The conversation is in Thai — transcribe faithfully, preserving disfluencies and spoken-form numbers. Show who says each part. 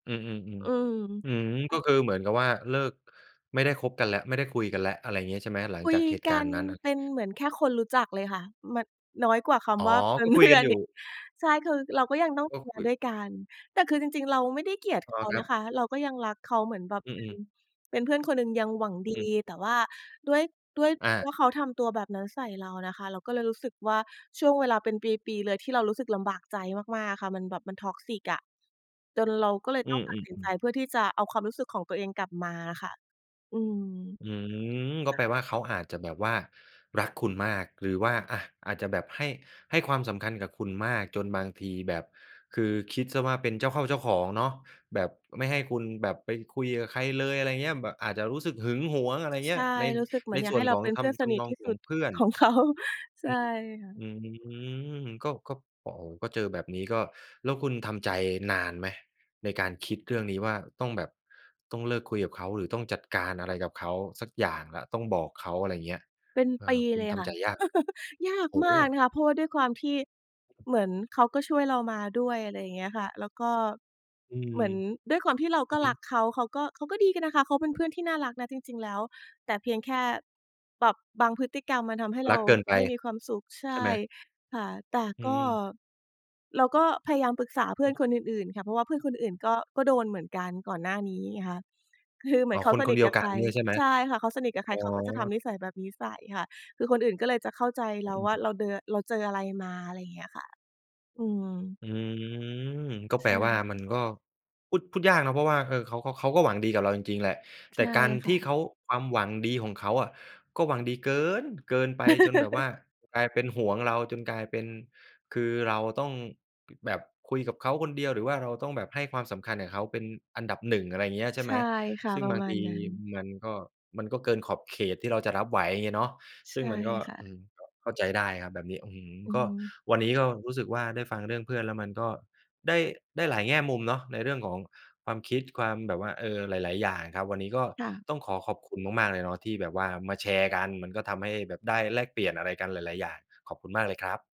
Speaker 1: อืม
Speaker 2: อื
Speaker 1: ๆ ๆ อื
Speaker 2: ม
Speaker 1: ม ก็คือเหมือนกับว่าเลิก ไม่ได้คบกันแล้ว ไม่ได้คุยกันแล้ว อะไรอย่างงี้ ใช่ไหม หลั
Speaker 2: ค
Speaker 1: ง
Speaker 2: ุ
Speaker 1: จา
Speaker 2: ย
Speaker 1: กเหตุ
Speaker 2: ก
Speaker 1: กา
Speaker 2: ั
Speaker 1: รณ
Speaker 2: น
Speaker 1: ์นั้นน่ะ?
Speaker 2: เป็นเหมือนแค่คนรู้จักเลยค่ะ มัน น้อยกว่าค
Speaker 1: อ๋อ
Speaker 2: ำว่าเป็
Speaker 1: ก็
Speaker 2: น
Speaker 1: ค
Speaker 2: เ
Speaker 1: ุ
Speaker 2: พ
Speaker 1: ย
Speaker 2: ื
Speaker 1: ก
Speaker 2: ่
Speaker 1: ั
Speaker 2: อ
Speaker 1: น
Speaker 2: น
Speaker 1: อยู่
Speaker 2: อีก ใช่ คือเราก็ยังต้อง
Speaker 1: ก็
Speaker 2: ทำง
Speaker 1: ค
Speaker 2: า
Speaker 1: ุ
Speaker 2: น
Speaker 1: ย
Speaker 2: ด้วยกัน แต่คือจริง ๆ เราไม่ได้เกลียด
Speaker 1: อ
Speaker 2: เ
Speaker 1: ๋
Speaker 2: ข
Speaker 1: อ
Speaker 2: า
Speaker 1: คร
Speaker 2: น
Speaker 1: ั
Speaker 2: ะ
Speaker 1: บ
Speaker 2: คะ เราก็ยังรักเขาเหมือนแบบ
Speaker 1: อื
Speaker 2: เป็น
Speaker 1: อ ๆ
Speaker 2: เป็นเพื่อนคนหนึ่ง ยังหวังดี
Speaker 1: อืม
Speaker 2: แต่ว่าด้วย ด้วย
Speaker 1: อ
Speaker 2: เพราะ
Speaker 1: า
Speaker 2: ว่าเขาทำตัวแบบนั้นใส่เราน่ะค่ะ เราก็เลยรู้สึกว่า ช่วงเวลาเป็นปี ๆ เลยที่เรารู้สึกลำบากใจมาก ๆ อะค่ะ มันแบบมัน Toxic อะ จนเราก็เลย
Speaker 1: อื
Speaker 2: ต้อง
Speaker 1: อ
Speaker 2: ตัดสินใจ
Speaker 1: ๆ ๆ
Speaker 2: เพื่อที่จะเอาความรู้สึกของตัวเองกลับมาอะค่ะ อืม
Speaker 1: อืม ก็
Speaker 2: ค
Speaker 1: แ
Speaker 2: ่
Speaker 1: ป
Speaker 2: ะ
Speaker 1: ลว่าเขาอาจจะแบบว่ารักคุณมาก หรือว่า อา อาจจะแบบให้ ให้ความสำคัญกับคุณมาก จนบางทีแบบ คือคิดเสียว่าเป็นเจ้าเข้าเจ้าของเนาะ แบบ ไม่ให้คุณแบบไปคุยกับใครเลย อะไรอย่างเงี้ย แบบอาจจะรู้สึกหึงหวง อะไรอย่างเ
Speaker 2: ใ
Speaker 1: ง
Speaker 2: ช
Speaker 1: ี้ย
Speaker 2: ่
Speaker 1: ใน
Speaker 2: รู้สึกเหมื
Speaker 1: ใ
Speaker 2: อ
Speaker 1: น
Speaker 2: นอยา
Speaker 1: ส
Speaker 2: ก
Speaker 1: ่
Speaker 2: ให
Speaker 1: ว
Speaker 2: ้
Speaker 1: น
Speaker 2: เร
Speaker 1: ข
Speaker 2: า
Speaker 1: อ
Speaker 2: เ
Speaker 1: ง
Speaker 2: ป็น
Speaker 1: ท
Speaker 2: เพื่อน
Speaker 1: ำ
Speaker 2: ส
Speaker 1: ท
Speaker 2: นิ
Speaker 1: ำ
Speaker 2: ท
Speaker 1: นอ
Speaker 2: ท
Speaker 1: ง
Speaker 2: ี่
Speaker 1: ข
Speaker 2: สุ
Speaker 1: อง
Speaker 2: ด
Speaker 1: เพื่อน
Speaker 2: ของเขา ใช
Speaker 1: อ
Speaker 2: ่
Speaker 1: ืม
Speaker 2: ค่ะ
Speaker 1: อืม ก็ ก็ โอ้โฮ! ก็เจอแบบนี้ก็ แล้วคุณทำใจนานไหม ในการคิดเรื่องนี้ว่าต้องแบบ ต้องเลิกคุยกับเขา หรือต้องจัดการอะไรกับเขาสักอย่างแล้ว ต้องบอกเขา อะไรอย่างเงี้ย
Speaker 2: เป็น
Speaker 1: เอ
Speaker 2: ปี
Speaker 1: อ คุ
Speaker 2: เ
Speaker 1: ณ
Speaker 2: ลย
Speaker 1: ท
Speaker 2: ค่
Speaker 1: ำใ
Speaker 2: ะ
Speaker 1: จยากไหม?
Speaker 2: ยาก
Speaker 1: โอ้
Speaker 2: ม
Speaker 1: โฮ!
Speaker 2: ากนะคะ เพราะว่าด้วยความที่
Speaker 1: อือ
Speaker 2: เหมือนเขาก็ช่วยเรามาด้วย อะไรอย่างเงี้ยค่ะ แล้วก็
Speaker 1: อื
Speaker 2: เห
Speaker 1: ม
Speaker 2: มือนด้วยความที่เรา
Speaker 1: อื
Speaker 2: ก็
Speaker 1: อฮึ
Speaker 2: รักเขา เขาก็ เขาก็ดีกันนะคะ เขาเป็นเพื่อนที่น่ารักนะจริง ๆ แล้ว แต่เพียงแค่ แบบบางพฤติกรรมมันทำให้เ
Speaker 1: ร
Speaker 2: ร
Speaker 1: ั
Speaker 2: า
Speaker 1: กเกินไป
Speaker 2: ไม่มีความสุข ใช
Speaker 1: ใช่
Speaker 2: ่
Speaker 1: ไหม?
Speaker 2: ค่ะ แต่
Speaker 1: อื
Speaker 2: ก็
Speaker 1: ม ๆ
Speaker 2: เราก็พยายามปรึกษาเพื่
Speaker 1: อ
Speaker 2: อ
Speaker 1: ื
Speaker 2: น
Speaker 1: ม
Speaker 2: คนอื่น ๆ ค่ะ เพราะว่าเพื่อนคนอื่น ๆ ก็ ก็โดนเหมือนกันก่อนหน้านี้ไงคะ คือเหม
Speaker 1: อ
Speaker 2: ื
Speaker 1: ๋
Speaker 2: อ
Speaker 1: อ
Speaker 2: นเขา
Speaker 1: คน
Speaker 2: ส
Speaker 1: ค
Speaker 2: น
Speaker 1: น
Speaker 2: ิ
Speaker 1: เ
Speaker 2: ท
Speaker 1: ดี
Speaker 2: ก
Speaker 1: ยว
Speaker 2: ับ
Speaker 1: ก
Speaker 2: ใ
Speaker 1: ั
Speaker 2: ค
Speaker 1: น
Speaker 2: ร
Speaker 1: เนี่ยใช่ไหม?
Speaker 2: ใช่ค่ะ เขาสนิทกับใ
Speaker 1: อ
Speaker 2: ค
Speaker 1: ๋อ
Speaker 2: รเขาก็จะทำนิสัยแบบนี้ใส่ค่ะ คือคนอื่นก็เลยจะเข้าใจเ
Speaker 1: อ
Speaker 2: รา
Speaker 1: ื
Speaker 2: ว่า
Speaker 1: ม
Speaker 2: เราเดิน เราเจออะไรมา อะไรอย่างเงี้ยค่ะ อืม
Speaker 1: อืม ก็
Speaker 2: ใ
Speaker 1: แ
Speaker 2: ช
Speaker 1: ปลว่า มั
Speaker 2: ่
Speaker 1: นก็ พูด พูดยากเนาะ เพราะว่า เออ เขา ค เขาก็หวังดีกับเราจริง ๆ แหละ
Speaker 2: ใ
Speaker 1: แต
Speaker 2: ช
Speaker 1: ่
Speaker 2: ่
Speaker 1: การ
Speaker 2: ค
Speaker 1: ท
Speaker 2: ่
Speaker 1: ี่
Speaker 2: ะ
Speaker 1: เขา ความหวังดีของเขาอะ ก็หวังดีเกิน เกินไปจนแบบว่ากลายเป็นหวงเรา จนกลายเป็น คือเราต้อง แบบคุยกับเขาคนเดียว หรือว่าเราแบบต้องให้ความสำคัญกับเขาเป็นอันดับ หนึ่ง อะไรอย่างเงี้ย ใช่
Speaker 2: ใช
Speaker 1: ไหม
Speaker 2: ่ค่ะ
Speaker 1: ซึ่ง
Speaker 2: ประ
Speaker 1: บาง
Speaker 2: มา
Speaker 1: ท
Speaker 2: ณ
Speaker 1: ี
Speaker 2: นั้น
Speaker 1: มันก็ มันก็เกินขอบเขตที่เราจะรับไหวอะเนาะ ซ
Speaker 2: ใช
Speaker 1: ึ่ง
Speaker 2: ่
Speaker 1: มันก็
Speaker 2: ค่
Speaker 1: อื
Speaker 2: ะ
Speaker 1: ม ก็เข้าใจได้ครับแบบนี้ อื้อฮืม
Speaker 2: อือ
Speaker 1: ก็
Speaker 2: ฮึ
Speaker 1: วันนี้ก็รู้สึกว่าได้ฟังเรื่องเพื่อนแล้วมันก็ได้ ได้หลายแง่มุมเนาะ ในเรื่องของความคิด ความแบบว่า เออ หลาย ๆ อย่างครับ วันนี้ก็
Speaker 2: ค่ะ
Speaker 1: ต้องขอขอบคุณมาก ๆ เลยเนาะ ที่แบบว่ามาแชร์กัน มันก็ทำให้แบบได้แลกเปลี่ยนอะไรกันหลาย ๆ อย่าง ขอบคุณมากเลยครับ